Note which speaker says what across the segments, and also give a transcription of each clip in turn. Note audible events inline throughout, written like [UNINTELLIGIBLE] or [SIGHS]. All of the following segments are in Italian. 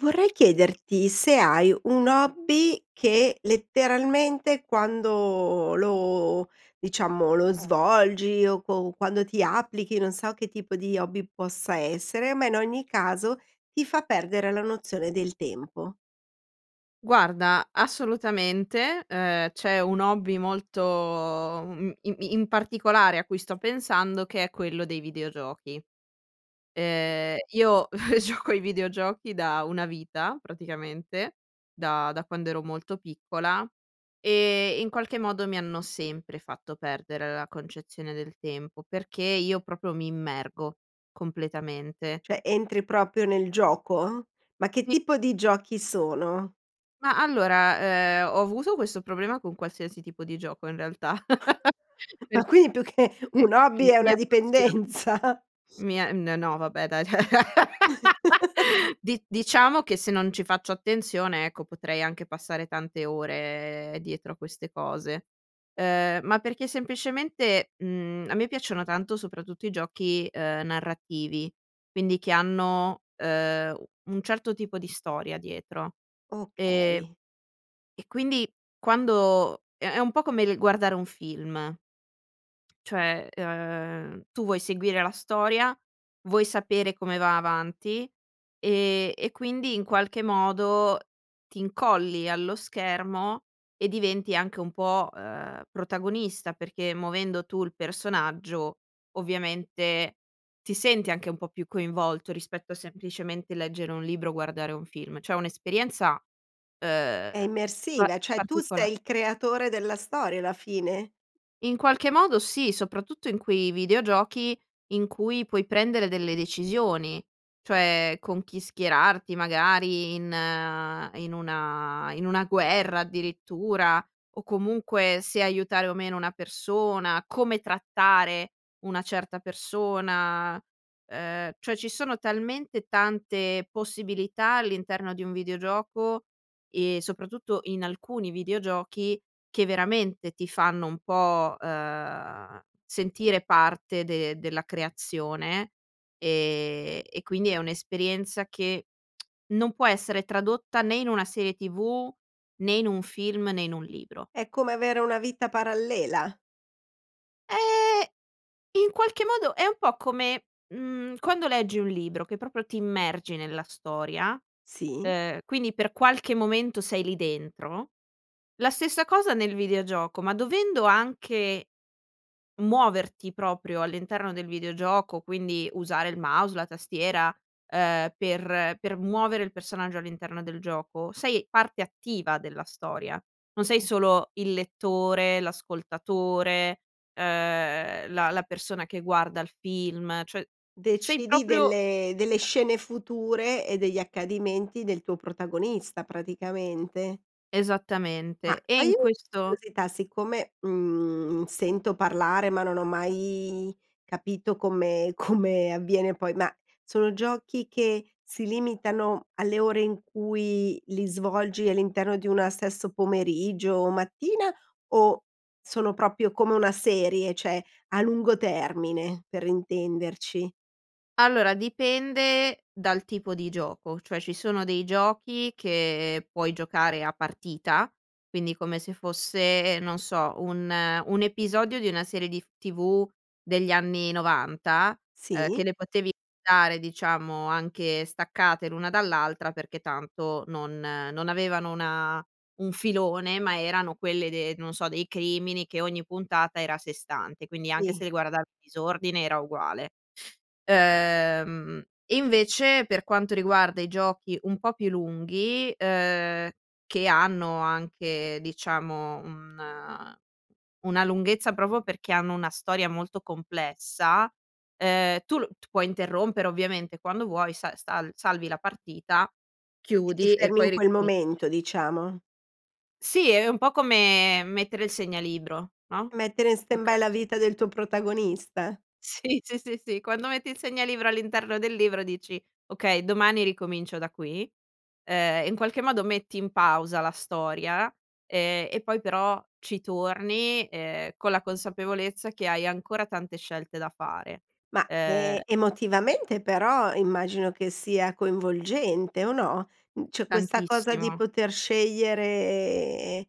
Speaker 1: Vorrei chiederti se hai un hobby che, letteralmente, quando lo diciamo lo svolgi o co quando ti applichi, non so che tipo di hobby possa essere, ma in ogni caso ti fa perdere la nozione del tempo.
Speaker 2: Guarda, assolutamente, ehm, c'è un hobby molto uhm, im in particolare a cui sto pensando, che è quello dei videogiochi. Ehm, io [CHUCKLES] gioco ai videogiochi da una vita, praticamente, da da quando ero molto piccola e in qualche modo mi hanno sempre fatto perdere la concezione del tempo, perché io proprio mi immergo, completamente
Speaker 1: Cioè, entri proprio nel gioco? Ma che
Speaker 2: Sì.
Speaker 1: tipo di giochi sono?
Speaker 2: Ma, allora, ehm, ho avuto questo problema con qualsiasi tipo di gioco in realtà,
Speaker 1: [CHUCKLES]
Speaker 2: [CHUCKLES] per
Speaker 1: Ma quindi più che un
Speaker 2: che
Speaker 1: hobby,
Speaker 2: mi
Speaker 1: è
Speaker 2: mi
Speaker 1: una
Speaker 2: appassiono,
Speaker 1: dipendenza? [SNIFFS]
Speaker 2: mi è n no vabbè dai t [LAUGHS]
Speaker 1: [CHUCKLES]
Speaker 2: di diciamo che se non ci faccio attenzione, ecco, potrei anche passare tante ore dietro a queste cose. Ehm, ma perché semplicemente, mhmm, a me piacciono tanto soprattutto i giochi, ehm, narrativi, quindi che hanno, ehm, u un certo tipo di storia dietro, e
Speaker 1: Okay.
Speaker 2: e quindi quando è è un po' come il guardare un film, [TSK] cioè, ehm, tu vuoi seguire la storia, vuoi sapere come va avanti e e quindi in qualche modo ti incolli allo schermo e diventi anche un po', ehm, protagonista, perché muovendo tu il personaggio, ovviamente ti senti anche un po' più coinvolto rispetto a semplicemente leggere un libro, guardare un film, cioè è un'esperienza,
Speaker 1: È
Speaker 2: ehm, pa
Speaker 1: immersiva, cioè tu
Speaker 2: particola
Speaker 1: sei il creatore della storia, alla fine?
Speaker 2: In qualche modo sì, soprattutto in quei videogiochi in cui puoi prendere delle decisioni, cioè con chi schierarti magari in in una in una guerra addirittura, o comunque se aiutare o meno una persona, come trattare una certa persona, ehm, cioè ci sono talmente tante possibilità all'interno di un videogioco e soprattutto in alcuni videogiochi, che veramente ti fanno un po', ehm, sentire parte de della creazione, e e quindi è un'esperienza che [TSK] non può essere tradotta né in una serie TV, né in un film, né in un libro.
Speaker 1: È come avere una vita parallela.
Speaker 2: Eh, in qualche modo è un po' come, mhmm, quando leggi un libro che proprio ti immergi nella storia,
Speaker 1: Sì.
Speaker 2: ehm, quindi per qualche momento sei lì dentro. La stessa cosa nel videogioco, ma dovendo anche muoverti proprio all'interno del videogioco, quindi usare il mouse, la tastiera, ehm, per per muovere il personaggio all'interno del gioco, sei parte attiva della storia, non sei solo il lettore, l'ascoltatore, ehm, la la persona che guarda il film, cioè sei
Speaker 1: Decidi
Speaker 2: proprio
Speaker 1: delle delle scene future e degli accadimenti del tuo protagonista, praticamente? Ma
Speaker 2: Esattamente. E
Speaker 1: togli
Speaker 2: in
Speaker 1: u
Speaker 2: questo
Speaker 1: curiosità. Siccome, mhmm, sento parlare ma non ho mai capito come come avviene poi ma sono giochi che si limitano alle ore in cui li svolgi, all'interno di una stesso pomeriggio o mattina, o sono proprio come una serie, cioè a lungo termine? Per intenderci.
Speaker 2: Allora, dipende dal tipo di gioco, cioè ci sono dei giochi che puoi giocare a partita, quindi come se fosse, non so, un un episodio di una serie dif TV degli anni 90, ehm, che
Speaker 1: Sì.
Speaker 2: le potevi dare diciamo anche staccate, l'una dall'altra, perché tanto non non avevano una un filone, ma erano quelle de non so, dei crimini, che ogni puntata era a sé stante, quindi anche se
Speaker 1: Sì.
Speaker 2: le guarda disordine era uguale. Ehm, invece per quanto riguarda i giochi un po' più lunghi, ehm, che hanno anche diciamo un una lunghezza proprio perché hanno una storia molto complessa, ehm, tu l t puoi interrompere ovviamente quando vuoi, sa sal salvi la partita,
Speaker 1: E ti
Speaker 2: chiudi e
Speaker 1: fermi in
Speaker 2: poi
Speaker 1: quel
Speaker 2: ricominci
Speaker 1: momento diciamo?
Speaker 2: Sì, è un po' come mettere il segnalibro no?
Speaker 1: Mettere in
Speaker 2: Okay.
Speaker 1: stand-by la vita del tuo protagonista?
Speaker 2: Sì, sì, sì, sì, quando metti il segnalibro all'interno del libro, dici: "Okay, domani ricomincio da qui." Ehm, in qualche modo metti in pausa la storia, ehm, e poi però ci torni, ehm, con la consapevolezza che hai ancora tante scelte da fare,
Speaker 1: Ma, ehm,
Speaker 2: ehm
Speaker 1: emotivamente però immagino che sia coinvolgente o no? Mhmm, cioè questa cosa di
Speaker 2: Tantissimo.
Speaker 1: poter scegliere,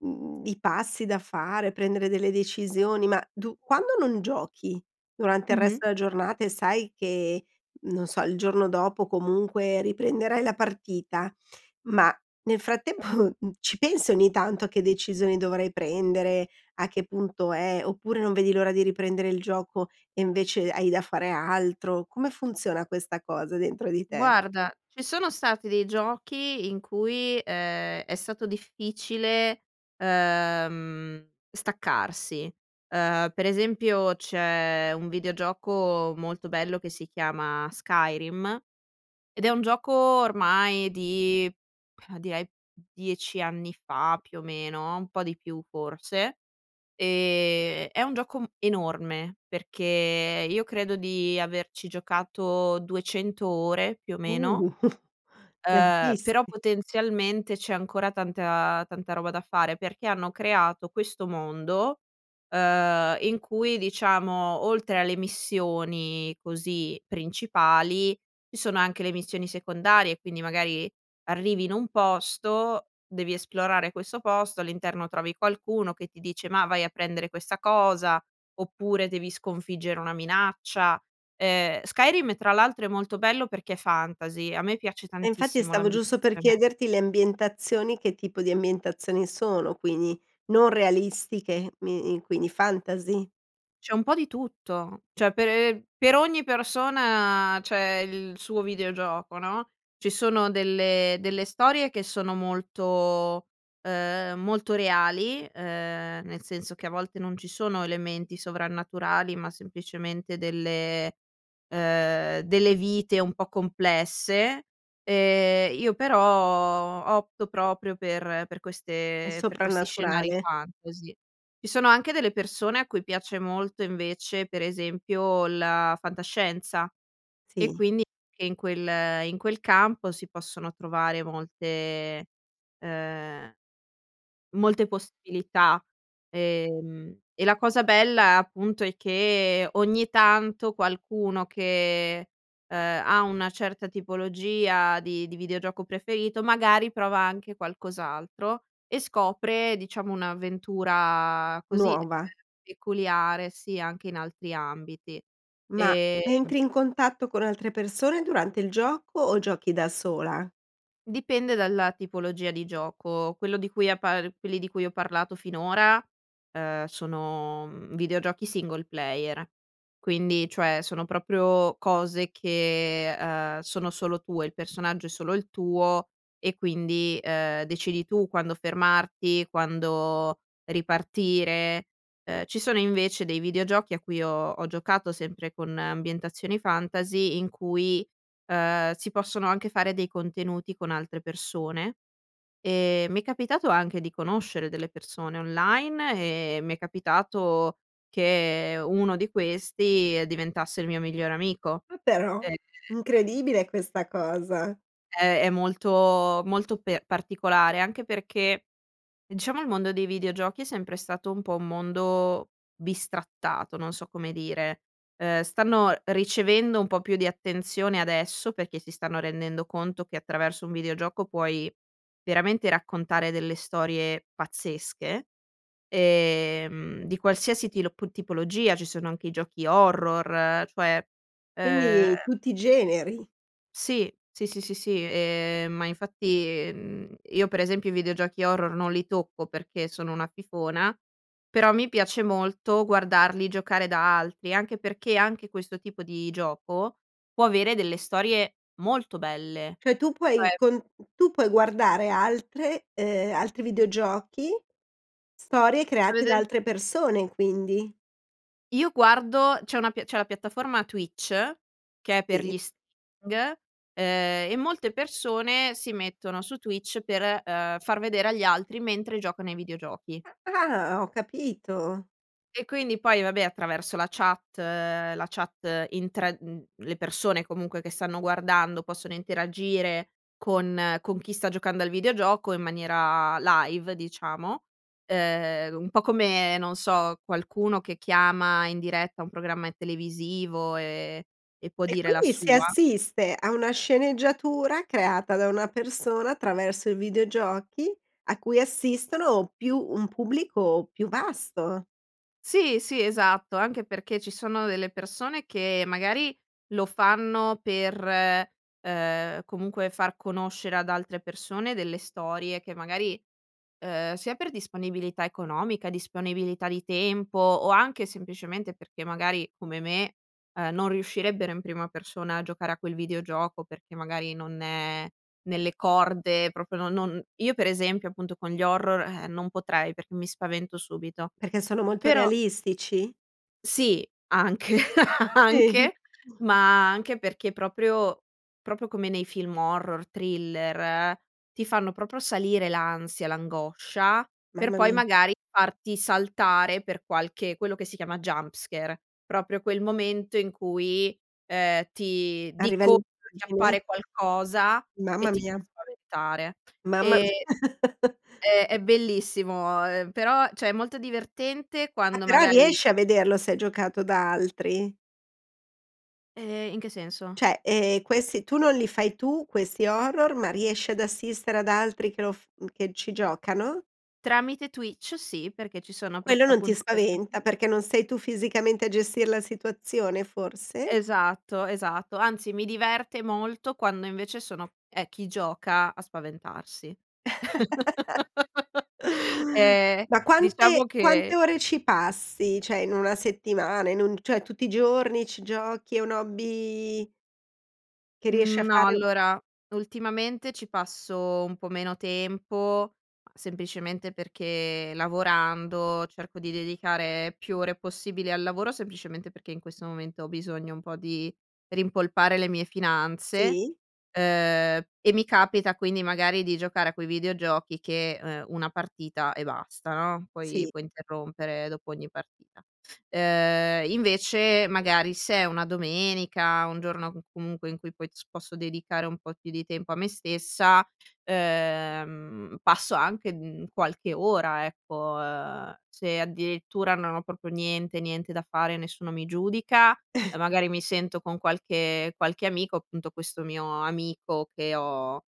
Speaker 1: mhmm, i passi da fare, prendere delle decisioni, ma du quando non giochi durante il
Speaker 2: Mh-mh.
Speaker 1: resto della giornata e sai che non so il giorno dopo comunque riprenderai la partita, ma nel frattempo, mhmm, ci pensi ogni tanto a che decisioni dovrai prendere, a che punto è, oppure non vedi l'ora di riprendere il gioco e invece hai da fare altro? Come funziona questa cosa dentro di te?
Speaker 2: Guarda, ci sono stati dei giochi in cui, ehm, è stato difficile, ehm, staccarsi. Ehm, per esempio c'è un videogioco molto bello che si chiama Skyrim, ed è un gioco ormai di, [SIGHS] direi 10 anni fa, più o meno, un po' di più forse. Ehm, è un gioco m enorme, perché io credo di averci giocato 200 ore più o meno,
Speaker 1: Uh, [CHUCKLES]
Speaker 2: uhm, però
Speaker 1: tantissi
Speaker 2: potenzialmente c'è ancora tanta- tanta roba da fare, perché hanno creato questo mondo, ehm, in cui diciamo oltre alle missioni così principali, ci sono anche le missioni secondarie. Quindi magari arrivi in un posto, devi esplorare questo posto, all'interno trovi qualcuno che ti dice: "Mah, vai a prendere questa cosa", oppure devi sconfiggere una minaccia. Ehm, Skyrim tra l'altro è molto bello perché è fantasy. A me piace
Speaker 1: E infatti
Speaker 2: tantissimo
Speaker 1: stavo giusto per
Speaker 2: l'ambientazione
Speaker 1: chiederti le ambientazioni, che tipo di ambientazioni sono, quindi, non realistiche mi i quindi fantasy?
Speaker 2: C'è un po' di tutto. Cioè, pe per ogni persona c'è il suo videogioco, no, ci sono delle delle storie che sono molto, uhm, molto reali, ehm, nel senso che a volte non ci sono elementi sovrannaturali ma, semplicemente, delle, uhm, delle vite un po' complesse, ehm, io però opto proprio per per
Speaker 1: È
Speaker 2: queste per questi scenari
Speaker 1: soprannaturale.
Speaker 2: fantasy. Ci sono anche delle persone a cui piace molto, invece, per esempio, la fantascienza. E,
Speaker 1: Sì.
Speaker 2: quindi, che in quel in quel campo si possono trovare molte, uhm,
Speaker 1: Ti
Speaker 2: molte possibilità, ehm, e la cosa bella, appunto, è che ogni tanto qualcuno che, uhm, ha una certa tipologia di di videogioco preferito, magari, prova anche qualcos'altro e scopre, diciamo, un'avventura così, uhm,
Speaker 1: Nuova.
Speaker 2: peculiare sia anche in altri ambiti,
Speaker 1: Ma
Speaker 2: ehm
Speaker 1: entri in contatto con altre persone durante il gioco, o giochi da sola?
Speaker 2: Dipende dalla tipologia di gioco. Quello di cui ha par quelli di cui ho parlato finora, uhm, sono, mhmm, videogiochi single player. Quindi, cioè, sono proprio cose che, uhm, sono solo tue. Il personaggio è solo il tuo e quindi, uhm, decidi tu quando fermarti, quando ripartire. Uhm, ci sono, invece, dei videogiochi a cui ho ho giocato, sempre con ambientazioni fantasy, in cui, uhm, si possono anche fare dei contenuti con altre persone, ehm, mi è capitato anche di conoscere delle persone online, e mi è capitato che uno di questi diventasse il mio migliore amico.
Speaker 1: Ah però,
Speaker 2: Ehm
Speaker 1: incredibile questa cosa.
Speaker 2: È è molto molto per particolare, anche perché ehm, diciamo, il mondo dei videogiochi è sempre stato un po' un mondo bistrattato, non so come dire, uhm, stanno ricevendo un po' più di attenzione adesso, perché si stanno rendendo conto che attraverso un videogioco puoi veramente raccontare delle storie pazzesche, ehm, di qualsiasi tilo p tipologia, ci sono anche i giochi horror cioè, uhm
Speaker 1: Quindi tutti i generi.
Speaker 2: Sì, sì, sì, sì, sì, ehm, ma infatti, mhmm, io, per esempio, i videogiochi horror non li tocco perché sono una fifona, però mi piace molto guardarli giocare da altri, anche perché, anche questo tipo di gioco, può avere delle storie molto belle,
Speaker 1: Cioè tu puoi
Speaker 2: cioè
Speaker 1: con tu puoi guardare altre uhm, altri videogiochi, storie
Speaker 2: [UNINTELLIGIBLE]
Speaker 1: create da
Speaker 2: Vedere
Speaker 1: altre persone quindi?
Speaker 2: Io guardo c'è una pia c'è la piattaforma Twitch, che è per
Speaker 1: Sì.
Speaker 2: gli streaming, uhm, e molte persone si mettono su Twitch per, uhm, far vedere agli altri mentre giocano i videogiochi.
Speaker 1: Ah, ah, ho capito.
Speaker 2: E, quindi poi, vabbè, attraverso la chat la chat in tra mhmm, le persone, comunque, che stanno guardando possono interagire con con chi sta giocando al videogioco in maniera live, diciamo, ehm, un po' come non so qualcuno che chiama in diretta un programma televisivo e e può
Speaker 1: E
Speaker 2: dire la
Speaker 1: quindi si
Speaker 2: sua.
Speaker 1: assiste a una sceneggiatura creata da una persona attraverso i videogiochi, a cui assistono più un pubblico più vasto.
Speaker 2: Sì, sì, esatto anche perché ci sono delle persone che, magari, lo fanno per, uhm, comunque, far conoscere ad altre persone delle storie che, magari uhm, sia per disponibilità economica, disponibilità di tempo, o anche, semplicemente, perché, magari, come me, uhm, non riuscirebbero in prima persona a giocare a quel videogioco, perché, magari, non è nelle corde proprio no non io, per esempio, appunto, con gli horror, eh, non potrei perché mi spavento subito
Speaker 1: Perché sono molto
Speaker 2: però
Speaker 1: realistici?
Speaker 2: Sì, anche, anche
Speaker 1: [UNINTELLIGIBLE]
Speaker 2: ma anche perché proprio proprio come nei film horror, thriller ti fanno proprio salire l'ansia, l'angoscia per
Speaker 1: Mamma
Speaker 2: poi,
Speaker 1: mi
Speaker 2: magari, farti saltare per qualche quello che si chiama jumpscare. Proprio quel momento in cui, uhm, ti
Speaker 1: A
Speaker 2: di
Speaker 1: livello di
Speaker 2: colpo ti
Speaker 1: immagine?
Speaker 2: appare qualcosa e
Speaker 1: Mamma
Speaker 2: ti fa
Speaker 1: mia.
Speaker 2: spaventare,
Speaker 1: Mamma
Speaker 2: ehm,
Speaker 1: mi [CHUCKLES]
Speaker 2: è è bellissimo, uhm, però cioè, è molto divertente
Speaker 1: Ah,
Speaker 2: quando
Speaker 1: però
Speaker 2: magari
Speaker 1: riesci a vederlo se è giocato da altri?
Speaker 2: Ehm, in che senso?
Speaker 1: Cioè, ehm, questi tu non li fai tu questi horror, ma riesci ad assistere ad altri che lo f mhmm, che ci giocano?
Speaker 2: Tramite Twitch sì, perché ci sono apro
Speaker 1: Quello non ti
Speaker 2: appunto queste
Speaker 1: spaventa perché non sei tu fisicamente a gestire la situazione forse?
Speaker 2: Esatto, esatto anzi mi diverte molto quando invece sono è chi gioca a spaventarsi [CHUCKLES]
Speaker 1: [CHUCKLES]
Speaker 2: eh,
Speaker 1: Ma quante
Speaker 2: diciamo
Speaker 1: quante
Speaker 2: che
Speaker 1: ore ci passi? Cioè, in una settimana in un cioè tutti i giorni ci giochi è un hobby che riesce a
Speaker 2: Mhmm, no
Speaker 1: fare
Speaker 2: allora ultimamente ci passo un po' meno tempo, semplicemente perché lavorando, cerco di dedicare più ore possibile al lavoro, semplicemente perché in questo momento ho bisogno un po' di rimpolpare le mie finanze,
Speaker 1: Sì.
Speaker 2: ehm, e mi capita quindi magari di giocare a quei videogiochi che, ehm, una partita e basta no, poi
Speaker 1: Sì.
Speaker 2: puoi interrompere dopo ogni partita. Ehm, invece magari se è una domenica, un giorno c comunque in cui poi posso dedicare un po' più di tempo a me stessa, ehm, passo anche, mhmm, qualche ora ecco, ehm, se addirittura non ho proprio niente, niente da fare, nessuno mi giudica e magari mi
Speaker 1: [CHUCKLES]
Speaker 2: sento con qualche qualche amico, appunto questo mio amico che ho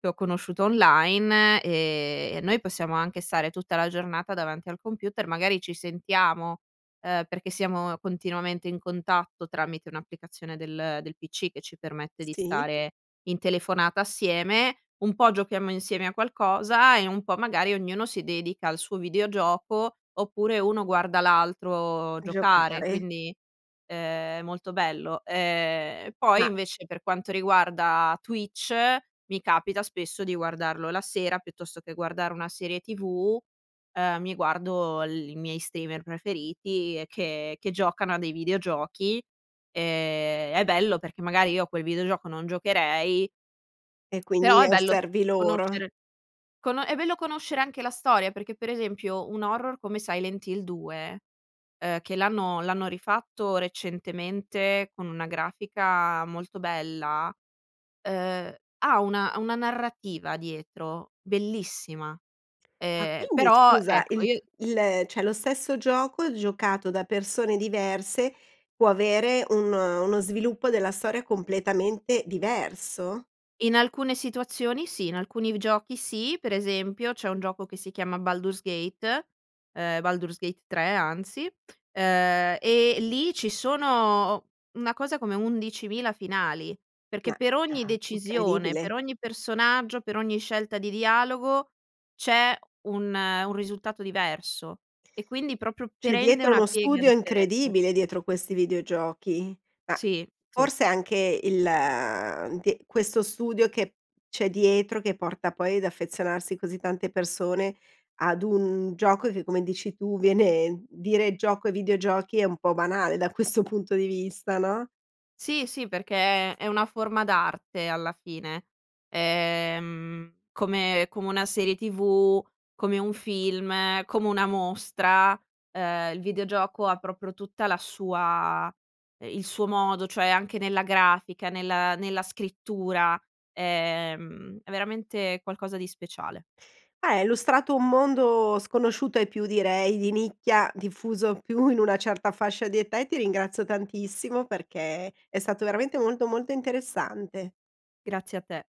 Speaker 2: che ho conosciuto online e noi possiamo anche stare tutta la giornata davanti al computer, magari ci sentiamo, ehm, perché siamo continuamente in contatto tramite un'applicazione del del PC che ci permette di
Speaker 1: Sì.
Speaker 2: stare in telefonata assieme, un po' giochiamo insieme a qualcosa e un po' magari ognuno si dedica al suo videogioco oppure uno guarda l'altro giocare
Speaker 1: Giocare.
Speaker 2: quindi, ehm, è molto bello. Ehm, e poi
Speaker 1: Ma
Speaker 2: invece, per quanto riguarda Twitch, mi capita spesso di guardarlo la sera, piuttosto che guardare una serie TV, ehm, mi guardo l i miei streamer preferiti e che che giocano a dei videogiochi, ehm, è bello perché magari io a quel videogioco non giocherei
Speaker 1: E
Speaker 2: però
Speaker 1: quindi
Speaker 2: è bello s
Speaker 1: osservi loro.
Speaker 2: conoscere cono è bello conoscere anche la storia perché per esempio un horror come Silent Hill 2 eh, che l'hanno l'hanno rifatto recentemente con una grafica molto bella, ehm, ha una ha una narrativa dietro bellissima,
Speaker 1: Ma
Speaker 2: ehm,
Speaker 1: quindi
Speaker 2: però
Speaker 1: scusa
Speaker 2: ecco
Speaker 1: il
Speaker 2: io
Speaker 1: il cioè, lo stesso gioco giocato da persone diverse, può avere un uno sviluppo della storia completamente diverso?
Speaker 2: In alcune situazioni sì, in alcuni giochi sì per esempio c'è un gioco che si chiama Baldur's Gate, ehm, Baldur's Gate 3 anzi, ehm, e lì ci sono una cosa come 11000 finali,
Speaker 1: Ma,
Speaker 2: perché per ogni
Speaker 1: ah,
Speaker 2: decisione,
Speaker 1: incredibile.
Speaker 2: per ogni personaggio, per ogni scelta di dialogo c'è un, un risultato diverso e quindi proprio
Speaker 1: C'è
Speaker 2: prende
Speaker 1: dietro
Speaker 2: una
Speaker 1: uno
Speaker 2: piega
Speaker 1: studio
Speaker 2: differente.
Speaker 1: incredibile, dietro questi videogiochi, ma
Speaker 2: Sì, sì.
Speaker 1: forse anche il ti questo studio che c'è dietro che porta poi ad affezionarsi così tante persone ad un gioco che come dici tu, viene dire gioco e videogiochi è un po' banale da questo punto di vista no?
Speaker 2: Sì, sì perché è è una forma d'arte alla fine, ehm, come come una serie tv, come un film, come una mostra, ehm, il videogioco ha proprio tutta la sua il suo modo, cioè anche nella grafica, nel nella scrittura, ehm, è veramente qualcosa di speciale.
Speaker 1: Eh, hai illustrato un mondo sconosciuto ai più direi di nicchia, diffuso più in una certa fascia di età e ti ringrazio tantissimo, perché è stato veramente molto, molto interessante.
Speaker 2: Grazie a te.